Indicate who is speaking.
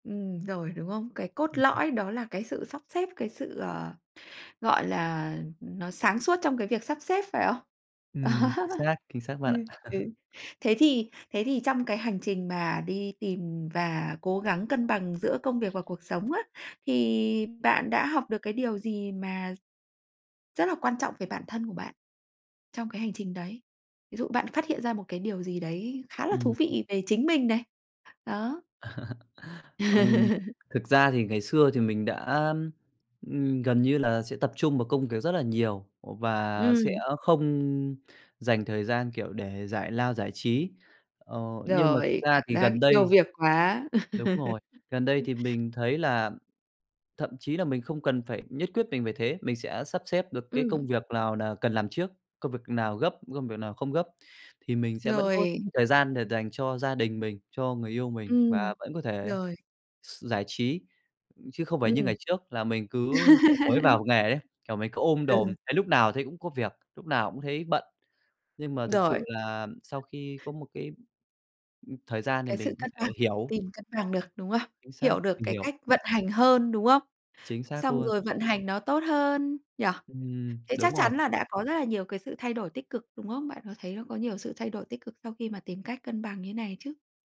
Speaker 1: Ừm, rồi, đúng không? Cái cốt
Speaker 2: Ừm hứm.
Speaker 1: lõi đó là cái sự sắp xếp, cái sự, ờ, gọi là, nó sáng suốt trong cái việc sắp xếp, phải không?
Speaker 2: Ừm, chính xác, chính xác
Speaker 1: Ừ,
Speaker 2: bạn ạ.
Speaker 1: ừ. Thế thì thế thì trong cái hành trình mà đi tìm và cố gắng cân bằng giữa công việc và cuộc sống á, thì bạn đã học được cái điều gì mà rất là quan trọng về bản thân của bạn trong cái hành trình đấy? Ví dụ bạn phát hiện ra một cái điều gì đấy khá là thú
Speaker 2: Ừm.
Speaker 1: vị về chính mình này? Đó.
Speaker 2: Ừm, thực ra thì ngày xưa thì mình đã, ừm, gần như là sẽ tập trung vào công việc rất là nhiều, và sẽ
Speaker 1: Ừm.
Speaker 2: không dành thời gian, kiểu, để giải lao, giải trí. Ờ, nhưng mà thực
Speaker 1: Rồi,
Speaker 2: ra
Speaker 1: cảm
Speaker 2: thì
Speaker 1: giác
Speaker 2: gần
Speaker 1: yêu
Speaker 2: đây
Speaker 1: việc quá.
Speaker 2: đúng rồi, gần đây thì mình thấy là thậm chí là mình không cần phải nhất quyết mình về thế, mình sẽ sắp xếp được cái
Speaker 1: Ừm.
Speaker 2: công việc nào là cần làm trước, công việc nào gấp, công việc nào không gấp thì mình sẽ vẫn có
Speaker 1: Rồi.
Speaker 2: thời gian để dành cho gia đình mình, cho người yêu mình
Speaker 1: Ừm,
Speaker 2: và vẫn có thể
Speaker 1: rồi.
Speaker 2: s giải trí chứ không phải như
Speaker 1: Ừm.
Speaker 2: ngày trước là mình cứ mới vào nghề ấy, kiểu, mình cứ ôm
Speaker 1: Ừ.
Speaker 2: đồm, thấy lúc nào thấy cũng có việc, lúc nào cũng thấy bận. Nhưng mà thực
Speaker 1: Rồi.
Speaker 2: sự là sau khi có một cái, ưm, thời gian thì
Speaker 1: Cái sự
Speaker 2: mình có
Speaker 1: cân bằng
Speaker 2: thể hiểu.
Speaker 1: tìm cân bằng được, đúng không?
Speaker 2: Chính xác,
Speaker 1: Hiểu được
Speaker 2: mình
Speaker 1: cái
Speaker 2: hiểu.
Speaker 1: cách vận hành hơn, đúng không?
Speaker 2: Chính xác
Speaker 1: Xong
Speaker 2: luôn.
Speaker 1: rồi vận hành nó tốt hơn nhỉ?
Speaker 2: Ừm,
Speaker 1: Thế
Speaker 2: đúng
Speaker 1: chắc chắn
Speaker 2: rồi.
Speaker 1: là đã có rất là nhiều cái sự thay đổi tích cực, đúng không? Bạn có thấy nó có nhiều sự thay đổi tích cực sau khi mà tìm cách cân bằng như này chứ?